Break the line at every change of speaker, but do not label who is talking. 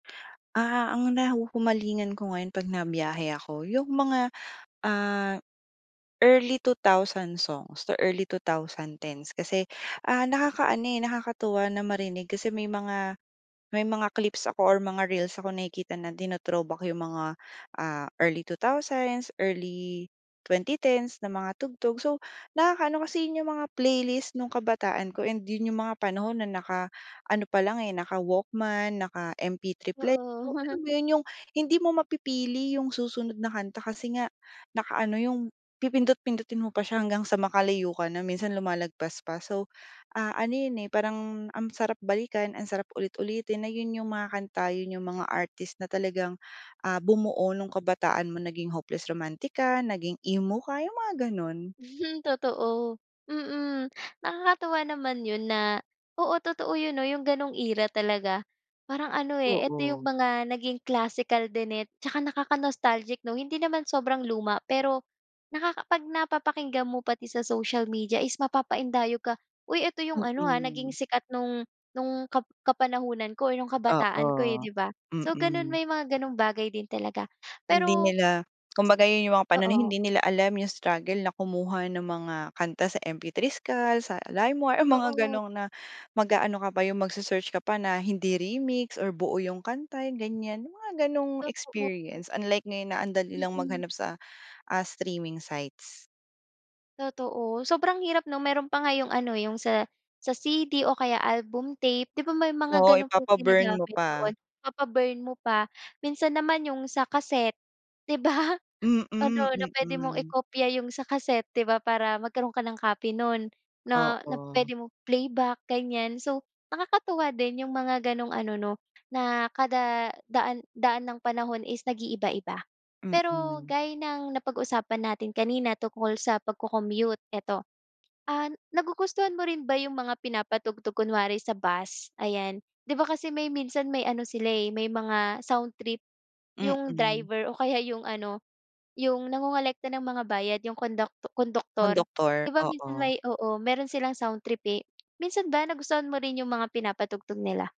Ah, ang nahuhumalingan ko ngayon pag nabiyahe ako, yung mga ah early 2000 songs to early 2010's. Kasi ah, nakakaano eh nakakatuwa na marinig kasi may mga may mga clips ako or mga reels ako nakikita na tino-throwback yung mga ah, early 2000s, early 2010's na mga tugtog. So nakakaano, kasi yun yung mga playlist nung kabataan ko and yun yung mga panahon na naka-ano palang eh, naka Walkman, naka MP3 player.
Oo.
So alam mo yun, yung hindi mo mapipili yung susunod na kanta kasi nga naka-ano, yung pipindot-pindutin mo pa siya hanggang sa makalayo ka na, minsan lumalagpas pa. So ah, ano yun eh parang ang sarap balikan, ang sarap ulit-ulitin, na yun yung mga kanta, yun yung mga artist na talagang ah, bumuo nung kabataan mo, naging hopeless romantic ka, naging emo ka. Yung mga ganun.
Hmm totoo. Mm, nakakatuwa naman yun na, oo totoo yun 'no yung ganong era talaga. Parang ano eh, eto yung
Oo.
mga naging classical din eh, saka nakaka-nostalgic 'no. Hindi naman sobrang luma, pero nakaka pag napapakinggan mo pati sa social media is mapapaindayog ka, uy eto yung ano ah, naging
Mm.
sikat nung nung kap kapanahunan ko, nung kabataan ko eh
Oo,
'di ba? So ganun,
mm.
may mga ganung bagay din talaga,
Hindi
pero
nila, kumbaga yun yung mga panahon na
Oo.
hindi nila alam yung struggle na kumuha ng mga kanta sa Mp3 Skull, sa Limewire, ah, mga
Oo.
ganong na mag-aano ka pa yung magse-search ka pa na hindi remix or buo yung kanta yung ganyan, yung mga ganung
Totoo.
experience. Unlike ngayon na ang dali lang
Mm.
maghanap sa ah, streaming sites.
Totoo. Sobrang hirap 'no, meron pa nga yung ano, yung sa sa CD o kaya album tape, 'di ba may mga
Oo,
ganun pang
ipapa-burn mo
ginagamit
pa.
noon, ipapa-burn mo pa. Minsan naman yung sa cassette di ba?
Mm,
Ano na pwede mong
mm.
i-kopya yung sa cassette 'di ba para magkaroon ka ng copy nun, na na
Oo.
pwede mong i-playback, ganyan. So nakakatuwa din yung mga ganong ano 'no, na kada daan daan ng panahon is nag iiba-iba. Pero
Mm.
gaya ng napag-usapan natin kanina tungkol sa pagko-commute eto, ah, nagugustuhan mo rin ba yung mga pinapatugtog kunwari sa bus, ayan? 'Di ba kasi may minsan may ano sila eh, may mga soundtrip yung
Mm.
driver o kaya yung ano, yung nangongolekta ng mga bayad, yung konduk konduktor. 'Di
Konduktor,
ba minsan
oo.
may oo meron silang soundtrip eh. Minsan ba nagustuhan mo rin yung mga pinapatugtog nila?